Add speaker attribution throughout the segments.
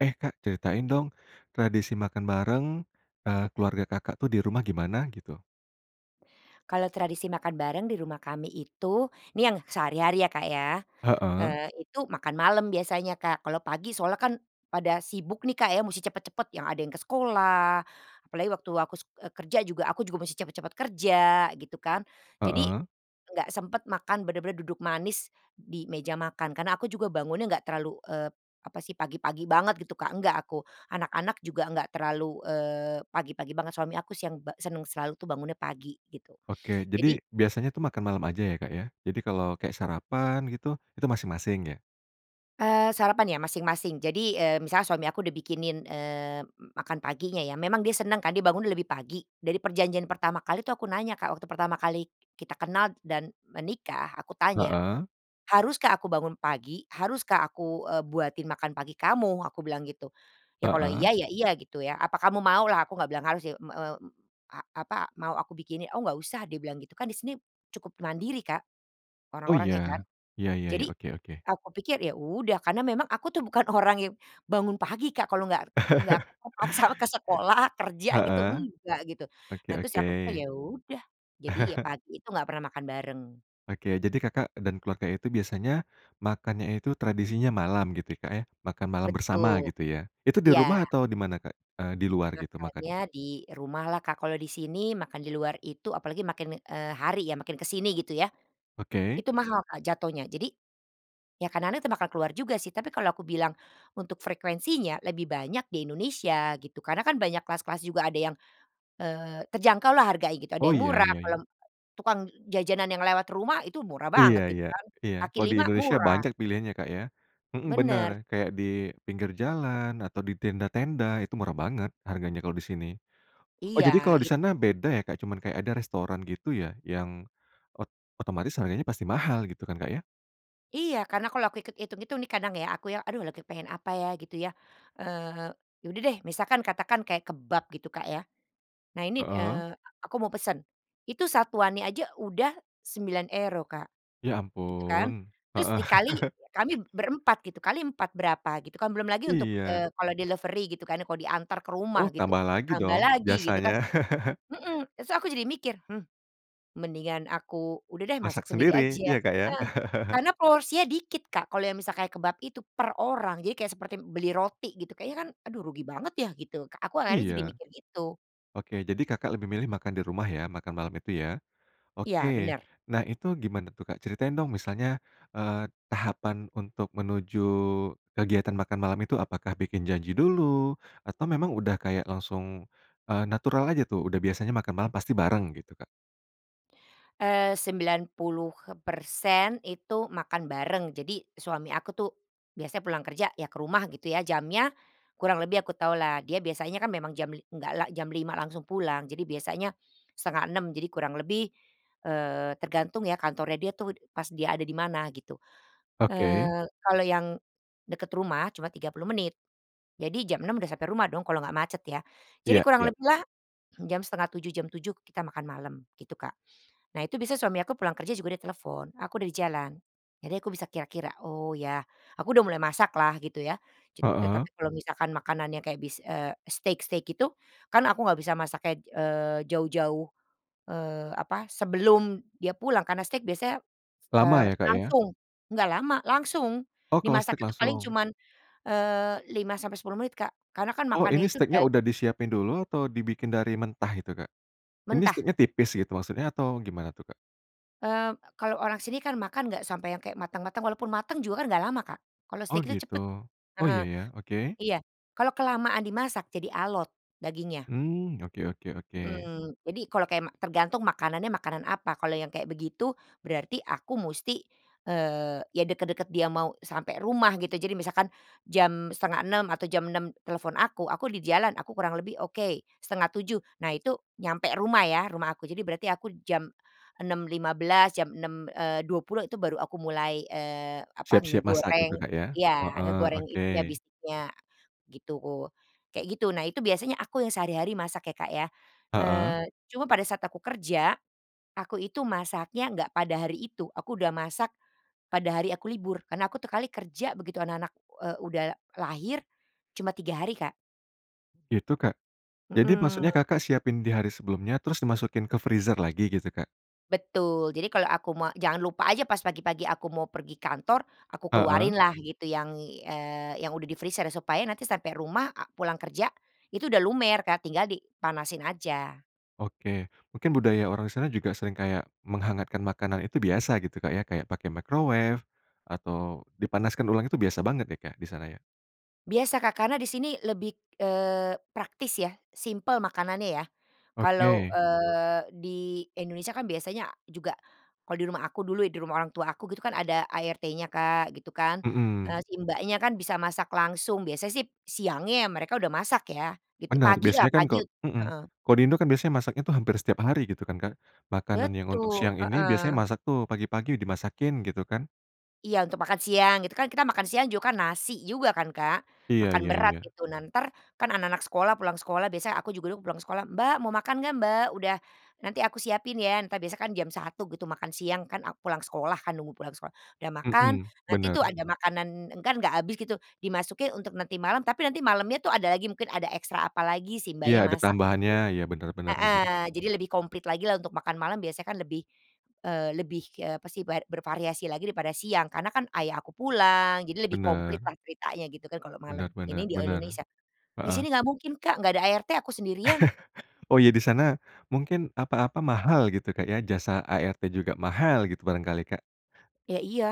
Speaker 1: Eh, Kak, ceritain dong, tradisi makan bareng, eee, keluarga Kakak tuh di rumah gimana, gitu?
Speaker 2: Kalau tradisi makan bareng di rumah kami itu, nih yang sehari-hari ya, Kak, ya,
Speaker 1: Heeh.
Speaker 2: eee, itu makan malam biasanya, Kak, kalau pagi soalnya kan pada sibuk nih, Kak, ya, mesti cepet-cepet, yang ada yang ke sekolah, apalagi waktu aku sek eee, kerja juga aku juga mesti cepet-cepet kerja, gitu kan. Jadi
Speaker 1: Heeh.
Speaker 2: enggak sempet makan, bener-bener duduk manis di meja makan. Kan aku juga bangunnya enggak terlalu, eee, apa sih, pagi-pagi banget, gitu, Kak, enggak aku. Anak-anak juga enggak terlalu, eee, pagi-pagi banget, suami aku si yang ba senang selalu tuh bangunnya pagi, gitu.
Speaker 1: Oke, jadi
Speaker 2: Jadi
Speaker 1: biasanya tu makan malam aja ya, Kak, ya? Jadi kalau kayak sarapan, gitu, itu masing-masing, ya?
Speaker 2: Eee, sarapan ya, masing-masing, jadi, mmm, misalnya suami aku udah bikinin, eee, m makan paginya ya. Memang dia senang kan, dia bangun lebih pagi. Dari perjanjian pertama kali itu aku nanya, Kak, waktu pertama kali kita kenal dan menikah, aku tanya,
Speaker 1: Heeh.
Speaker 2: "Haruskah aku bangun pagi? Haruskah aku, eee, buatin makan pagi kamu?" aku bilang gitu. Ya kalau iya,
Speaker 1: Heeh.
Speaker 2: ya, iya, gitu ya. "Apa kamu mau?" lah, aku nggak bilang harus sih, m eee, a apa, "Mau aku bikinin?" "Oh nggak usah," dia bilang gitu, kan di sini cukup mandiri, Kak,
Speaker 1: Oh,
Speaker 2: orang-orangnya kan.
Speaker 1: iya? Ya ya ya,
Speaker 2: Jadi,
Speaker 1: oke oke.
Speaker 2: aku pikir, ya udah, karena memang aku tuh bukan orang yang bangun pagi, Kak, kalau nggak nggak ke kepaksa ke sekolah, kerja, gitu,
Speaker 1: Heeh,
Speaker 2: enggak, gitu.
Speaker 1: oke
Speaker 2: Nah, terus
Speaker 1: oke.
Speaker 2: aku pikir, ya udah. Jadi, ya, pagi itu nggak pernah makan bareng.
Speaker 1: Oke, jadi Kakak dan keluarga itu biasanya makannya itu tradisinya malam gitu, Kak, ya. Makan malam bersama,
Speaker 2: Betul,
Speaker 1: gitu, ya. Itu di
Speaker 2: iya.
Speaker 1: rumah atau di mana, Kak, eee, di luar gitu makannya?
Speaker 2: Makannya di rumah lah, Kak, kalau di sini makan di luar itu apalagi makin, eee, hari ya, makin ke sini, gitu ya,
Speaker 1: Oke.
Speaker 2: itu mahal, Kak, jatuhnya. Jadi, ya kadang-kadang kita makan keluar juga sih, tapi kalau aku bilang untuk frekuensinya, lebih banyak di Indonesia, gitu, karena kan banyak kelas-kelas juga ada yang, eee, terjangkau lah harganya, gitu, ada
Speaker 1: Oh,
Speaker 2: yang
Speaker 1: iya
Speaker 2: murah,
Speaker 1: iya
Speaker 2: kalau
Speaker 1: iya.
Speaker 2: tukang jajanan yang lewat rumah, itu murah
Speaker 1: Iya
Speaker 2: banget, gitu
Speaker 1: iya,
Speaker 2: kan,
Speaker 1: iya,
Speaker 2: kaki
Speaker 1: kalau di
Speaker 2: lima
Speaker 1: Indonesia
Speaker 2: murah.
Speaker 1: banyak pilihannya, Kak, ya? Mhm, bener
Speaker 2: Bener.
Speaker 1: kayak di pinggir jalan atau di tenda-tenda, itu murah banget harganya kalau di sini. Oh, jadi
Speaker 2: Iya,
Speaker 1: kalau di
Speaker 2: it
Speaker 1: sana beda ya, Kak, cuman kayak ada restoran gitu ya, yang ot otomatis harganya pasti mahal, gitu kan, Kak, ya?
Speaker 2: Iya, karena kalau aku ikut itung-itung nih, kadang ya, aku ya, "Aduh, lagi kepengen apa ya?" Gitu ya. Eee, ya udah deh, misalkan katakan kayak kebab, gitu, Kak, ya. Nah, ini,
Speaker 1: Heeh.
Speaker 2: eee, aku mau pesan. Itu, satuannya aja udah €9 Kak,
Speaker 1: Ya
Speaker 2: gitu kan.
Speaker 1: ampun,
Speaker 2: Terus
Speaker 1: heeh.
Speaker 2: dikali kami berempat, gitu, kali 4, berapa? Gitu kan, belum lagi untuk,
Speaker 1: Iya.
Speaker 2: eee, kalau delivery gitu kan, kalau diantar ke rumah
Speaker 1: Oh,
Speaker 2: gitu,
Speaker 1: tambah lagi
Speaker 2: tambah
Speaker 1: dong
Speaker 2: lagi, gitu kan.
Speaker 1: biasanya.
Speaker 2: Mhm, s tuh aku jadi mikir, "Hmm, mendingan aku, udah deh, masak
Speaker 1: Masak
Speaker 2: sendiri
Speaker 1: sendiri,
Speaker 2: aja."
Speaker 1: ya, Kak, ya?
Speaker 2: Heeh, karena porsinya dikit, Kak, kalau yang misalnya kayak kebab itu, per orang, jadi kayak seperti beli roti, gitu. Kayaknya kan aduh rugi banget ya, gitu, Kak, aku akhirnya
Speaker 1: Iya.
Speaker 2: jadi mikir gitu.
Speaker 1: Oke, jadi Kakak lebih milih makan di rumah ya, makan malam itu, ya? Oke,
Speaker 2: Iya, bener.
Speaker 1: nah, itu gimana tuh, Kak? Ceritain dong misalnya, eee, tahapan untuk menuju kegiatan makan malam itu apakah bikin janji dulu, atau memang udah kayak langsung, eee, natural aja tuh, udah biasanya makan malam pasti bareng, gitu, Kak?
Speaker 2: Eee, 90%, itu makan bareng, jadi, suami aku tuh biasanya pulang kerja, ya ke rumah, gitu ya, jamnya kurang lebih aku tahulah, dia biasanya kan memang jam li nggak lah jam 5:00 langsung pulang, jadi biasanya 5:30, jadi kurang lebih, eee, tergantung ya kantornya dia tuh, pas dia ada di mana, gitu.
Speaker 1: Oke.
Speaker 2: Eee, kalau yang deket rumah, cuma 30 menit. Jadi jam 6:00 udah sampai rumah dong, kalau nggak macet ya. Jadi
Speaker 1: Iya
Speaker 2: kurang
Speaker 1: iya.
Speaker 2: lebih lah, jam 6:30, jam 7:00 kita makan malam, gitu, Kak. Nah itu bisa suami aku pulang kerja juga dia telepon, "Aku udah di jalan." Jadi aku bisa kira-kira, "Oh, ya." Aku udah mulai masak lah, gitu ya, ce eee,
Speaker 1: Heeh.
Speaker 2: tapi kalau misalkan makanannya kayak bis eee, steak-steak gitu, kan aku nggak bisa masaknya, eee, jauh-jauh, eee, apa, sebelum dia pulang, karena steak biasanya, s
Speaker 1: Lama
Speaker 2: eee,
Speaker 1: ya, Kak, ya?
Speaker 2: langsung. Nggak lama, langsung!
Speaker 1: Oh, kalau
Speaker 2: Dimasak
Speaker 1: steak
Speaker 2: itu paling
Speaker 1: langsung?
Speaker 2: cuman, eee, 5-10 menit, Kak, karena kan
Speaker 1: Oh,
Speaker 2: makannya
Speaker 1: ini
Speaker 2: itu.
Speaker 1: steaknya
Speaker 2: [unintelligible]
Speaker 1: udah disiapin dulu atau dibikin dari mentah itu, Kak? Ini
Speaker 2: Mentah.
Speaker 1: steaknya tipis gitu maksudnya atau gimana tuh, Kak?
Speaker 2: Eee, kalau orang sini kan makan nggak sampai yang kayak matang-matang, walaupun matang juga kan nggak lama, Kak. Kalau
Speaker 1: Oh,
Speaker 2: steak itu
Speaker 1: gitu,
Speaker 2: cepet,
Speaker 1: oh,
Speaker 2: heeh.
Speaker 1: iya ya, oke.
Speaker 2: Iya, kalau kelamaan dimasak jadi alot dagingnya.
Speaker 1: Hmm, oke oke oke.
Speaker 2: Mhm, jadi, kalau kayak ma tergantung makanannya makanan apa, kalau yang kayak begitu berarti aku musti, eee, ya dekat-dekat dia mau sampai rumah, gitu, jadi misalkan jam 5:30 atau jam 6:00 telepon aku, "Aku di jalan," aku kurang lebih oke, 6:30. Nah, itu nyampe rumah ya, rumah aku, jadi berarti aku jam 6:15, jam, eee, 6:20 itu baru aku mulai, eee, apa,
Speaker 1: Siap-siap masak
Speaker 2: ngegoreng
Speaker 1: gitu, Kak, ya?
Speaker 2: ya,
Speaker 1: Heeh.
Speaker 2: ngegoreng itunya,
Speaker 1: Oke.
Speaker 2: bistiknya, gitu. Kayak gitu, nah, itu biasanya aku yang sehari-hari masak ya, Kak, ya.
Speaker 1: Heeh.
Speaker 2: Eee, cuma pada saat aku kerja, aku itu masaknya nggak pada hari itu, aku udah masak pada hari aku libur, karena aku tiap kali kerja begitu anak-anak, eee, udah lahir, cuma 3 hari, Kak.
Speaker 1: Itu, Kak? Jadi maksudnya
Speaker 2: Mhm.
Speaker 1: Kakak siapin di hari sebelumnya terus dimasukin ke freezer lagi, gitu, Kak?
Speaker 2: Betul, jadi kalau aku me jangan lupa aja pas pagi-pagi aku mau pergi kantor, aku
Speaker 1: Heeh.
Speaker 2: keluarin lah, gitu, yang i eee, yang udah di freezer, supaya nanti sampai rumah a pulang kerja, itu udah lumer, Kak, tinggal dipanasin aja.
Speaker 1: Oke, mungkin budaya orang di sana juga sering kayak menghangatkan makanan itu biasa gitu, Kak, ya, kayak pakai microwave atau dipanaskan ulang itu biasa banget ya, Kak, di sana, ya?
Speaker 2: Biasa, Kak, karena di sini lebih, eee, praktis ya, simpel makanannya ya. Kalau,
Speaker 1: Oke.
Speaker 2: eee, di Indonesia kan biasanya juga kalau di rumah aku dulu ya, di rumah orang tua aku, gitu kan, ada ART-nya, Kak, gitu kan. Eh,
Speaker 1: Mhm.
Speaker 2: si mbaknya kan bisa masak langsung, biasanya sih siangnya mereka udah masak, ya, gitu,
Speaker 1: Bener,
Speaker 2: pagi lah,
Speaker 1: biasanya kan
Speaker 2: pagi,
Speaker 1: kok mhm,
Speaker 2: heeh.
Speaker 1: ko di Indo kan biasanya masaknya tuh hampir setiap hari gitu kan, Kak. Makanan yang untuk
Speaker 2: Betul,
Speaker 1: siang ini biasanya
Speaker 2: heeh.
Speaker 1: masak tuh pagi-pagi dimasakin, gitu kan.
Speaker 2: Iya, untuk makan siang, gitu, kan kita makan siang juga kan nasi juga kan, Kak.
Speaker 1: Iya
Speaker 2: Makan
Speaker 1: iya
Speaker 2: berat,
Speaker 1: iya.
Speaker 2: gitu, nah, entar kan anak-anak sekolah pulang sekolah biasanya aku juga dulu pulang sekolah, "Mbak, mau makan nggak, Mbak, udah nanti aku siapin ya," entar biasanya kan jam 1:00 gitu makan siang kan aku pulang sekolah kan, nunggu pulang sekolah. Udah makan,
Speaker 1: Mhm,
Speaker 2: nanti tuh
Speaker 1: bener.
Speaker 2: ada makanan kan nggak habis gitu, dimasukin untuk nanti malam, tapi nanti malamnya tuh ada lagi mungkin ada ekstra apalagi, si
Speaker 1: Iya,
Speaker 2: mbaknya
Speaker 1: ada
Speaker 2: masak.
Speaker 1: tambahannya, iya, bener bener
Speaker 2: [unintelligible]
Speaker 1: bener.
Speaker 2: Heeh, jadi lebih komplit lagi lah untuk makan malam biasanya kan lebih, eee, lebih, eee, apa sih ber bervariasi lagi daripada siang, karena kan ayah aku pulang, jadi lebih komplit
Speaker 1: Benar.
Speaker 2: lah ceritanya, gitu kan, kalau malam,
Speaker 1: Benar benar
Speaker 2: ini di ol
Speaker 1: benar.
Speaker 2: Indonesia. Di
Speaker 1: Heeh.
Speaker 2: sini nggak mungkin, Kak, nggak ada ART aku sendirian.
Speaker 1: Oh, iya, di sana, mungkin apa-apa mahal gitu, Kak, ya, jasa ART juga mahal gitu, barangkali, Kak.
Speaker 2: Ya, iya,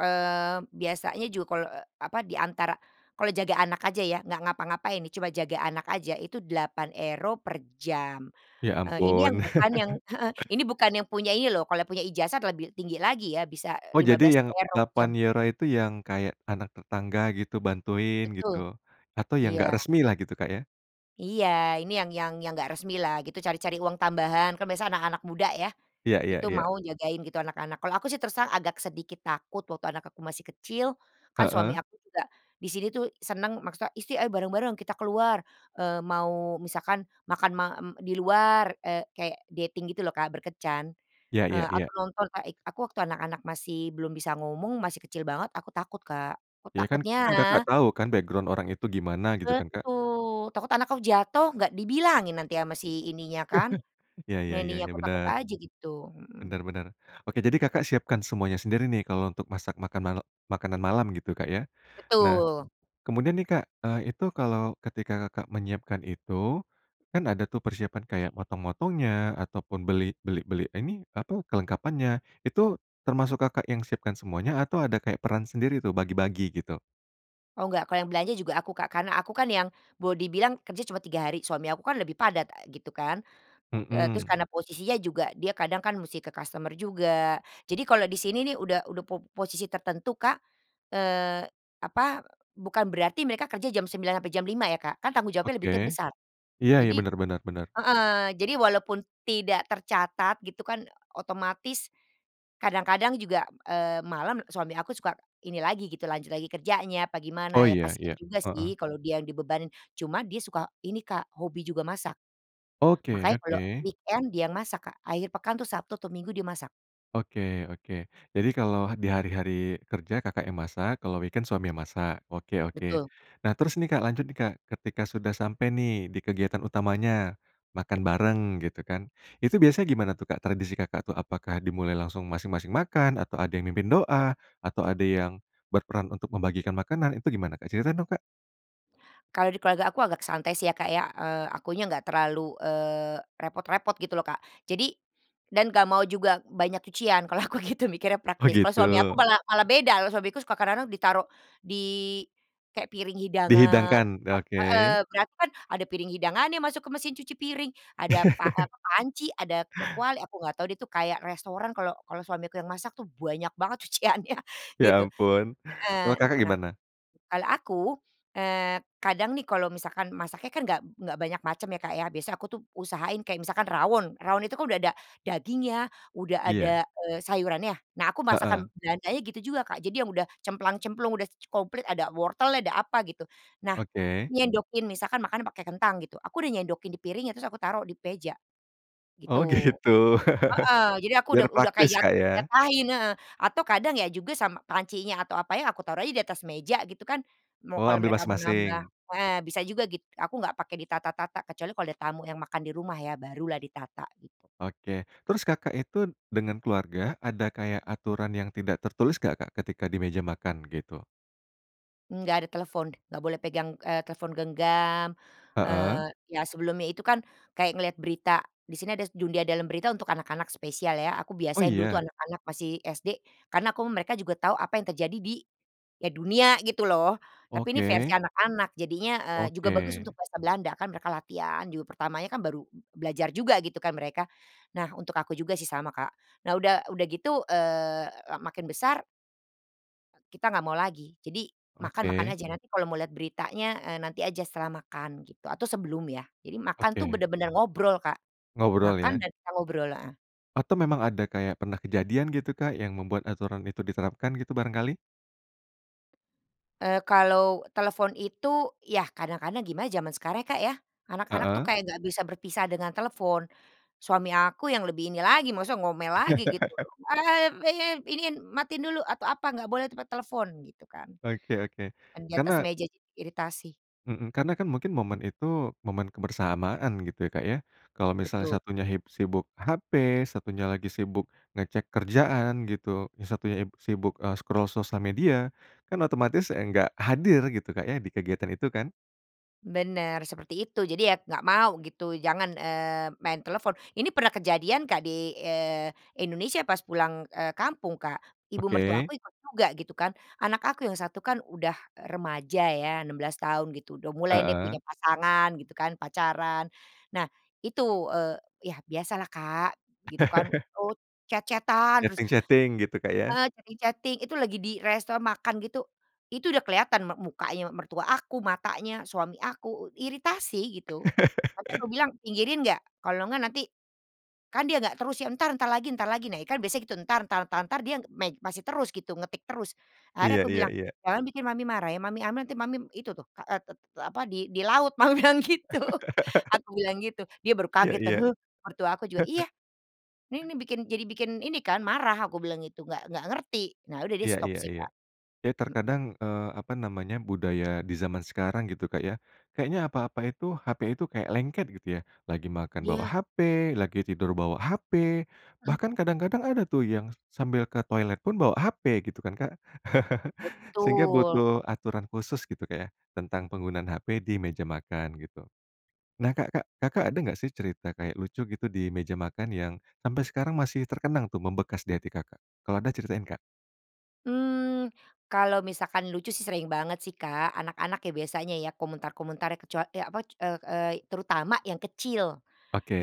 Speaker 2: eee, biasanya juga kalau, eee, apa diantara kalau jaga anak aja ya, nggak ngapa-ngapain nih, cuma jaga anak aja itu €8 per jam.
Speaker 1: Ya
Speaker 2: Eee, ini yang
Speaker 1: ampun.
Speaker 2: bukan yang heeh, ini bukan yang punya ini loh, kalau punya ijazah lebih tinggi lagi ya bisa
Speaker 1: Oh,
Speaker 2: lima
Speaker 1: jadi
Speaker 2: belas
Speaker 1: yang
Speaker 2: euro
Speaker 1: delapan
Speaker 2: jam.
Speaker 1: euro itu yang kayak anak tetangga, gitu, bantuin,
Speaker 2: Betul,
Speaker 1: gitu, atau yang enggak
Speaker 2: iya.
Speaker 1: resmi lah, gitu, Kak, ya?
Speaker 2: Iya, ini yang yang yang nggak resmi lah gitu, cari-cari uang tambahan. Kan biasa anak-anak muda ya,
Speaker 1: Iya iya
Speaker 2: itu
Speaker 1: iya.
Speaker 2: mau jagain, gitu, anak-anak. Kalau aku sih terus terang agak sedikit takut waktu anak aku masih kecil, kan suami
Speaker 1: Heeh.
Speaker 2: aku juga di sini tuh seneng maksudnya isti "Ayo bareng-bareng, kita keluar," eee mau misalkan makan ma m di luar, eee, kayak dating gitu loh, Kak, berkencan.
Speaker 1: Ya ya
Speaker 2: Eee,
Speaker 1: ya.
Speaker 2: atau nonton [unintelligible] aku waktu anak-anak masih belum bisa ngomong, masih kecil banget, aku takut Kak. Kut
Speaker 1: Ya kan
Speaker 2: takutnya
Speaker 1: kan Kakak tau kan background orang itu gimana, gitu, kan, Kak?
Speaker 2: Betul! Takut anakku jatuh, gak dibilangin nanti sama si ininya kan,
Speaker 1: Ya ya
Speaker 2: nanny,
Speaker 1: ya ya,
Speaker 2: aku takut
Speaker 1: bener.
Speaker 2: aja gitu. Mhm.
Speaker 1: Bener bener. Oke, jadi Kakak siapkan semuanya sendiri nih, kalau untuk masak makan mal makanan malam, gitu, Kak, ya? Nah,
Speaker 2: Betul!
Speaker 1: kemudian nih, Kak, eee, itu kalau ketika Kakak menyiapkan itu, kan ada tuh persiapan kayak motong-motongnya ataupun beli beli beli ini, apa, kelengkapannya, itu termasuk Kakak yang siapkan semuanya atau ada kayak peran sendiri tuh, bagi-bagi, gitu?
Speaker 2: Oh nggak, kalau yang belanja juga aku Kak, karena aku kan yang boleh dibilang kerja cuma 3 hari, suami aku kan lebih padat, a gitu kan. Eee, terus
Speaker 1: Mhm.
Speaker 2: karena posisinya juga, dia kadang kan mesti ke customer juga. Jadi, kalau di sini nih udah udah po posisi tertentu Kak, eee, apa, bukan berarti mereka kerja jam 9:00 sampai jam 5:00 ya Kak, kan tanggung jawabnya lebih
Speaker 1: Oke.
Speaker 2: teb besar.
Speaker 1: Iya iya,
Speaker 2: Jadi
Speaker 1: benar benar benar.
Speaker 2: heeh, jadi walaupun tidak tercatat gitu kan, otomatis, kadang-kadang juga, eee, malam, suami aku suka ini lagi gitu, lanjut lagi kerjanya, apa gimana,
Speaker 1: Oh
Speaker 2: ya
Speaker 1: iya
Speaker 2: kasihan
Speaker 1: iya,
Speaker 2: juga sih
Speaker 1: heeh.
Speaker 2: kalau dia yang dibebanin, cuman dia suka ini Kak, hobi juga masak.
Speaker 1: Oke
Speaker 2: Makanya kalau
Speaker 1: oke.
Speaker 2: weekend dia yang masak Kak, akhir pekan tuh Sabtu atau Minggu dia masak.
Speaker 1: Oke oke. Jadi, kalau di hari-hari kerja, Kakak yang masak, kalau weekend suami yang masak, oke oke.
Speaker 2: Betul.
Speaker 1: Nah, terus nih Kak lanjut nih Kak, ketika sudah sampai nih di kegiatan utamanya, makan bareng gitu kan, itu biasanya gimana tuh Kak, tradisi Kakak tuh? Apakah dimulai langsung masing-masing makan, atau ada yang mimpin doa, atau ada yang berperan untuk membagikan makanan, itu gimana Kak? Cerita dong, Kak.
Speaker 2: Kalau di keluarga aku agak santai sih ya, Kak, ya, eee, akunya nggak terlalu, eee, repot-repot gitu loh, Kak. Jadi, dan nggak mau juga banyak cucian kalau aku gitu mikirnya
Speaker 1: Oh
Speaker 2: praktis. Kalau
Speaker 1: gitu.
Speaker 2: suami aku malah malah beda, kalau suamiku suka kadang-kadang ditaruh di kayak piring hidangan
Speaker 1: Dihidangkan,
Speaker 2: ah,
Speaker 1: oke.
Speaker 2: heeh, ternyata kan ada piring hidangannya masuk ke mesin cuci piring, ada pa eee, apa, panci, ada k kuali, aku nggak tahu dia itu kayak restoran kalau kalau suamiku yang masak tuh, banyak banget cuciannya,
Speaker 1: Ya
Speaker 2: gitu.
Speaker 1: ampun, kalau
Speaker 2: Heeh, n
Speaker 1: Kakak
Speaker 2: nah,
Speaker 1: gimana?
Speaker 2: kalau aku, eee, kadang nih kalau misalkan masaknya kan nggak nggak banyak macam ya Kak ya, biasanya aku tuh usahain kayak misalkan rawon, rawon itu kan udah ada dagingnya, udah
Speaker 1: Iya.
Speaker 2: ada, eee, sayurannya. Nah, aku
Speaker 1: Heeh.
Speaker 2: masakan Belandanya gitu juga Kak, jadi yang udah cemplang-cemplung, udah ce komplit, ada wortelnya, ada apa gitu. Nah,
Speaker 1: Oke.
Speaker 2: nyendokin, misalkan makanya pakai kentang gitu, aku udah nyendokin di piringnya, terus aku taruh di meja,
Speaker 1: Oh,
Speaker 2: gitu
Speaker 1: gitu.
Speaker 2: heeh, jadi aku
Speaker 1: Biar
Speaker 2: udah udah
Speaker 1: praktis
Speaker 2: kayak,
Speaker 1: Kak, ya.
Speaker 2: jatahin heeh, atau kadang ya juga sama pancinya atau apanya aku taruh aja di atas meja gitu kan. Mau
Speaker 1: Oh,
Speaker 2: kalau
Speaker 1: ambil
Speaker 2: mereka mau nambah
Speaker 1: masing-masing.
Speaker 2: heeh, bisa juga gitu, aku nggak pakai di tata-tata, kecuali kalau ada tamu yang makan di rumah ya, baru lah di tata gitu.
Speaker 1: Oke, terus, Kakak itu dengan keluarga, ada kayak aturan yang tidak tertulis nggak Kak, ketika di meja makan, gitu?
Speaker 2: Enggak ada telepon, nggak boleh pegang, eee, telepon genggam, eee,
Speaker 1: Heeh?
Speaker 2: iya, sebelumnya itu kan kayak ngelihat berita, di sini ada s Dunia Dalam Berita untuk anak-anak spesial ya, aku
Speaker 1: Oh,
Speaker 2: biasain dulu tuh
Speaker 1: iya?
Speaker 2: anak-anak masih SD, karena aku mereka juga tahu apa yang terjadi di, ya dunia gitu loh. Tapi ini versi
Speaker 1: Oke.
Speaker 2: anak-anak, jadinya, eee, juga bagus
Speaker 1: Oke.
Speaker 2: untuk bahasa Belanda, kan mereka latihan juga pertamanya kan baru b belajar juga gitu kan mereka. Nah, untuk aku juga sih sama, Kak. Nah udah udah gitu, eee, la makin besar e kita nggak mau lagi. Jadi, makan makan
Speaker 1: Oke.
Speaker 2: aja, nanti kalau mau lihat beritanya, eee, nanti aja setelah makan gitu, atau sebelum ya. Jadi, makan tuh
Speaker 1: Oke.
Speaker 2: bener-bener ngobrol, Kak.
Speaker 1: Ngobrol
Speaker 2: Makan
Speaker 1: ya.
Speaker 2: dan kita ngobrol heeh.
Speaker 1: Atau memang ada kayak pernah kejadian gitu Kak, yang membuat aturan itu diterapkan gitu barangkali?
Speaker 2: Eee, kalau telepon itu, yah kadang-kadang gimana zaman sekarang ya, Kak, ya. Anak-anak tuh
Speaker 1: Heeh?
Speaker 2: kayak nggak bisa berpisah dengan telepon. Suami aku yang lebih ini lagi, maksudnya ngomel lagi gitu loh. "Eee, ah ya ya, iniin, matiin dulu atau apa, nggak boleh tuh pakai telepon." Gitu kan.
Speaker 1: Oke oke.
Speaker 2: Yang di atas
Speaker 1: Karena
Speaker 2: meja jadi iritasi.
Speaker 1: Mhm. Karena kan mungkin momen itu momen kebersamaan gitu ya, Kak, ya. Kalau misalnya
Speaker 2: Betul.
Speaker 1: satunya hib sibuk HP, satunya lagi sibuk ngecek kerjaan gitu, yang satunya ib sibuk, eee, scroll sosial media, kan otomatis ya nggak hadir, gitu Kak ya di kegiatan itu kan?
Speaker 2: Bener, seperti itu. Jadi, ya nggak mau gitu jangan, eee, main telepon. Ini pernah kejadian Kak, di, eee, Indonesia pas pulang, eee, kampung, Kak. Ibu mertua
Speaker 1: Oke.
Speaker 2: aku ikut juga gitu kan, anak aku yang satu kan udah remaja ya, 16 tahun gitu, udah mulai nih
Speaker 1: Heeh?
Speaker 2: punya pasangan gitu kan, pacaran. Nah, itu, eee, yah biasa lah Kak, gitu kan, eee, chat-chat-an terus,
Speaker 1: Chatting-chatting gitu, Kak, ya.
Speaker 2: eee, chatting chatting, itu lagi di resto makan gitu, itu udah kelihatan m mukanya mertua aku, matanya, suami aku, i iritasi, gitu. Sampe kubilang, "Pinggirin nggak? Kalau nggak nanti" kan dia enggak terus ya, "Entar, entar lagi entar lagi." Nah kan biasanya gitu, entar entar entar entar. Dia main masih terus gitu, ngetik terus. Akhirnya
Speaker 1: Iya
Speaker 2: aku
Speaker 1: iya
Speaker 2: bilang,
Speaker 1: iya.
Speaker 2: "Jangan bikin mami marah ya, mami ambil nanti mami itu tuh, k e te te apa, di di laut." mami bilang gitu. Aku bilang gitu, dia baru
Speaker 1: Iya
Speaker 2: kaget kan,
Speaker 1: iya.
Speaker 2: "He?" Mertua aku juga, iya, "ini nih bikin, jadi bikin ini kan, marah," aku bilang gitu, nggak nggak ngerti. Nah udah dia
Speaker 1: Iya
Speaker 2: stop
Speaker 1: iya
Speaker 2: sih,
Speaker 1: iya.
Speaker 2: Kak.
Speaker 1: Ya
Speaker 2: Heeh.
Speaker 1: terkadang, eee, apa namanya, budaya di zaman sekarang gitu, Kak, ya. Kayaknya apa-apa itu, HP itu kayak lengket gitu ya. Lagi makan bawa
Speaker 2: Iya.
Speaker 1: HP, lagi tidur bawa HP,
Speaker 2: Mhm.
Speaker 1: bahkan kadang-kadang ada tuh yang s sambil ke toilet pun bawa HP gitu kan, Kak. Sehingga
Speaker 2: Betul.
Speaker 1: butuh aturan khusus gitu, Kak, ya, tentang penggunaan HP di meja makan, gitu. Nah, Kak Kak, Kakak ada nggak sih cerita kayak lucu gitu di meja makan yang sampai sekarang masih terkenang tuh membekas di hati, Kakak? Kalau ada, ceritain, Kak.
Speaker 2: Mmm, kalau misalkan lucu sih sering banget sih, Kak. Anak-anak ya biasanya ya, komentar-komentar kecua e apa, k eee eee, terutama yang kecil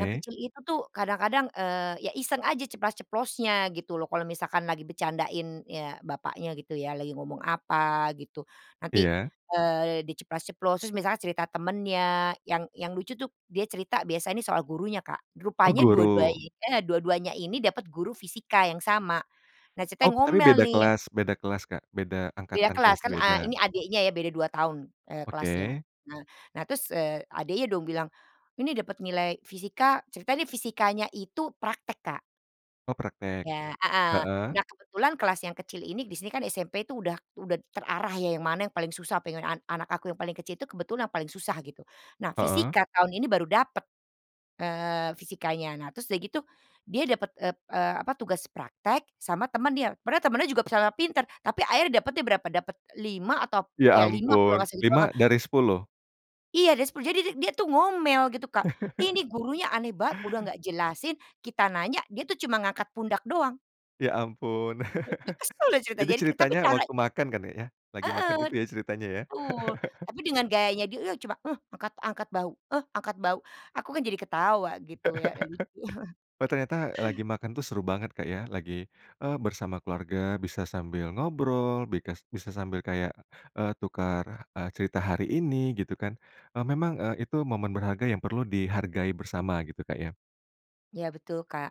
Speaker 2: yang kecil itu tuh kadang-kadang, eee, ya iseng aja ceplas-ceplosnya gitu loh, kalau misalkan lagi bercandain, ya, bapaknya gitu ya, lagi ngomong apa, gitu. Nanti,
Speaker 1: Iya.
Speaker 2: eee, di ceplas-ceplos, terus misalnya cerita temennya yang yang lucu tuh, dia cerita biasanya soal gurunya, Kak.
Speaker 1: Oh,
Speaker 2: Rupanya dua-dua
Speaker 1: guru.
Speaker 2: i eh, dua-duanya ini dapat guru fisika yang sama. Nah,
Speaker 1: Oh,
Speaker 2: ceritanya
Speaker 1: tapi
Speaker 2: ngomel
Speaker 1: beda
Speaker 2: nih.
Speaker 1: kelas beda kelas Kak, beda
Speaker 2: Beda
Speaker 1: angkatan, kelas
Speaker 2: kelas, kan, eee,
Speaker 1: beda?
Speaker 2: ini adiknya ya, beda 2 tahun, eee, kelasnya.
Speaker 1: Oke.
Speaker 2: Nah nah terus, eee, adiknya dong bilang, "Ini dapet nilai fisika," ceritanya nih fisikanya itu praktek, Kak.
Speaker 1: Oh, praktek.
Speaker 2: Iya, heeh.
Speaker 1: Heeh?
Speaker 2: Nah, kebetulan kelas yang kecil ini, di sini kan SMP itu udah udah terarah ya, yang mana yang paling susah, pengen an anak aku yang paling kecil itu kebetulan yang paling susah, gitu. Nah,
Speaker 1: Heeh?
Speaker 2: fisika tahun ini baru dapet, eee, fisikanya, nah terus udah gitu dia dapat, eee eee, apa, tugas praktek sama temennya padahal temennya juga [unintelligible] pintar, tapi akhirnya dapatnya berapa, dapat 5 atau p
Speaker 1: Ya
Speaker 2: ya 5 kalau nggak
Speaker 1: ampun,
Speaker 2: salah itu
Speaker 1: 5
Speaker 2: heeh.
Speaker 1: dari 10?
Speaker 2: Iya dari 10. Jadi di dia tuh ngomel gitu Kak, "Ini gurunya aneh banget, udah nggak jelasin, kita nanya, dia tuh cuma ngangkat pundak doang!"
Speaker 1: Ya ampun.
Speaker 2: [unintelligible] Kesel dia cerita,
Speaker 1: Jadi,
Speaker 2: jadi tapi
Speaker 1: ceritanya
Speaker 2: cara
Speaker 1: waktu makan kan ya, lagi
Speaker 2: Heeh.
Speaker 1: makan itu ya ceritanya ya?
Speaker 2: Betul. Tapi dengan gayanya dia, "Iya, cuma, eh, angkat angkat bahu. Eh, angkat bahu." Aku kan jadi ketawa gitu ya, lucu.
Speaker 1: Oh ternyata, eee, lagi makan tuh seru banget Kak ya, lagi, eee, bersama keluarga, bisa sambil ngobrol, bikas bisa sambil kayak, eee, tukar, eee, cerita hari ini gitu kan, e memang, eee, itu momen berharga yang perlu dihargai bersama gitu, Kak, ya?
Speaker 2: Iya betul, Kak.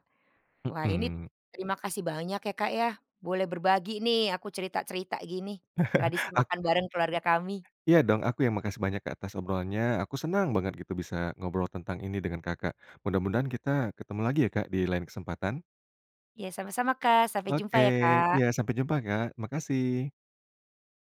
Speaker 2: Wah, ini
Speaker 1: Mhm.
Speaker 2: terima kasih banyak ya, Kak, ya. Boleh berbagi nih aku cerita-cerita gini, tradisi
Speaker 1: Ak
Speaker 2: makan bareng keluarga kami.
Speaker 1: Iya dong, aku yang makasih banyak Kak, atas obrolannya, aku senang banget gitu bisa ngobrol tentang ini dengan Kakak. Mudah-mudahan kita ketemu lagi ya Kak, di lain kesempatan.
Speaker 2: Iya sama-sama, Kak, sampai
Speaker 1: Oke,
Speaker 2: jumpa ya, Kak.
Speaker 1: iya, sampai jumpa, Kak, makasih.